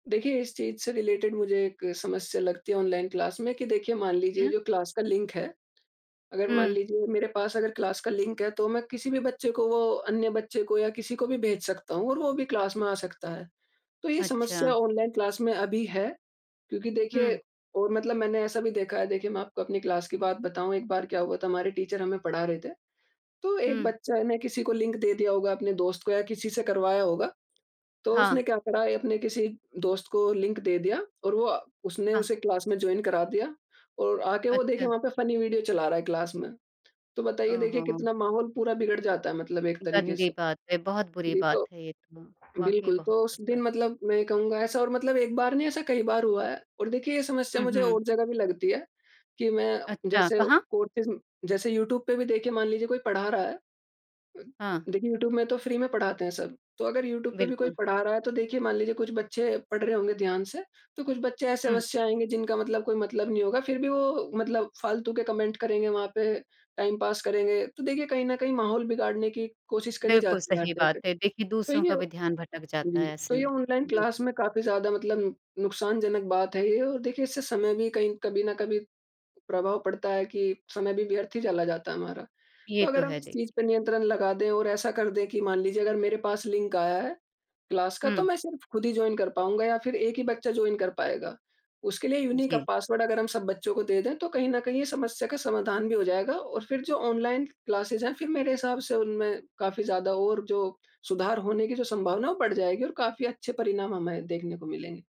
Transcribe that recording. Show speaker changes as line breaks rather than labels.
देखिए, इस चीज़ से रिलेटेड मुझे एक समस्या लगती है ऑनलाइन क्लास में कि देखिए, मान लीजिए
क्या?
जो क्लास का लिंक है, अगर मान
हुँ।
लीजिए मेरे पास अगर क्लास का लिंक है, तो मैं किसी भी बच्चे को वो, अन्य बच्चे को या किसी को भी भेज सकता हूँ और वो भी क्लास में आ सकता है। तो ये
अच्छा।
समस्या ऑनलाइन क्लास में अभी है, क्योंकि देखिए
हुँ।
और मतलब मैंने ऐसा भी देखा है, देखिए, मैं आपको अपनी क्लास की बात बताऊँ। एक बार क्या हुआ था, हमारे टीचर हमें पढ़ा रहे थे। तो एक
हुँ।
बच्चा ने किसी को लिंक दे दिया होगा अपने दोस्त को या किसी से करवाया होगा। तो
हाँ।
उसने क्या करा, एक अपने किसी दोस्त को लिंक दे दिया और वो अ, उसने
हाँ।
उसे क्लास में जॉइन करा दिया और आके वो, देखिए,
अच्छा।
वहाँ पे फनी वीडियो चला रहा है क्लास में। तो बताइए,
ओह
देखिए
हो!
कितना माहौल पूरा बिगड़ जाता है, मतलब एक तरीके
गंदी
से।
बात है, बहुत बुरी
जी,
बात
तो
है ये तो। वाक़ई
बिल्कुल,
बहुत
तो उस
बुरी बात है।
दिन मतलब मैं ये कहूँगा, ऐसा और मतलब एक बार नहीं, ऐसा कई बार हुआ है। और देखिए, ये समस्या
हुँ,
मुझे
हुँ।
और जगह भी लगती है कि मैं
अच्छा,
जैसे
कहाँ?
कोर्सेस जैसे यूट्यूब पे भी, देखिए, मान लीजिए कोई पढ़ा रहा है।
हाँ।
देखिए, यूट्यूब में तो फ्री में पढ़ाते हैं सब। तो अगर यूट्यूब पे भी कोई
बिल्कुल।
पढ़ा रहा है, तो देखिए, मान लीजिए कुछ बच्चे पढ़ रहे होंगे ध्यान से, तो कुछ बच्चे
हुँ।
ऐसे-वैसे आएँगे, जिनका मतलब कोई मतलब नहीं होगा, फिर भी वो मतलब फ़ालतू के कमेंट करेंगे वहाँ पे, टाइम पास करेंगे। तो देखिए, कहीं न कहीं माहौल बिगाड़ने की कोशिश करी
बिल्कुल,
जाती है हर
सही
तरह से
बात है। देखिए,
तो
दूसरों
ये
का भी ध्यान भटक जाता
जी,
है
तो
ऐसे
ये
में।
ऑनलाइन क्लास
बिल्कुल।
में काफ़ी ज़्यादा मतलब नुकसानजनक बात है ये, और देखिए, इससे समय भी कहीं कभी न कभी प्रभाव पड़ता है कि समय भी व्यर्थ ही चला जाता है हमारा। तो
ये तो
अगर हम
है,
इस
दे
चीज़ पर नियंत्रण लगा दें और ऐसा कर दें कि मान लीजिए अगर मेरे पास लिंक आया है, क्लास का, तो
हुँ।
मैं सिर्फ़ खुद ही जॉइन कर पाऊँगा या फिर एक ही बच्चा जॉइन कर पाएगा। उसके लिए यूनीक
जी।
पासवर्ड अगर हम सब बच्चों को दे दें, तो कहीं न कहीं ये समस्या का समाधान भी हो जाएगा और फिर जो ऑनलाइन क्लासेस हैं, फिर मेरे हिसाब से उनमें काफ़ी ज़्यादा और जो सुधार होने की जो संभावना है, वो बढ़ जाएगी और काफ़ी अच्छे परिणाम हमें देखने को मिलेंगे।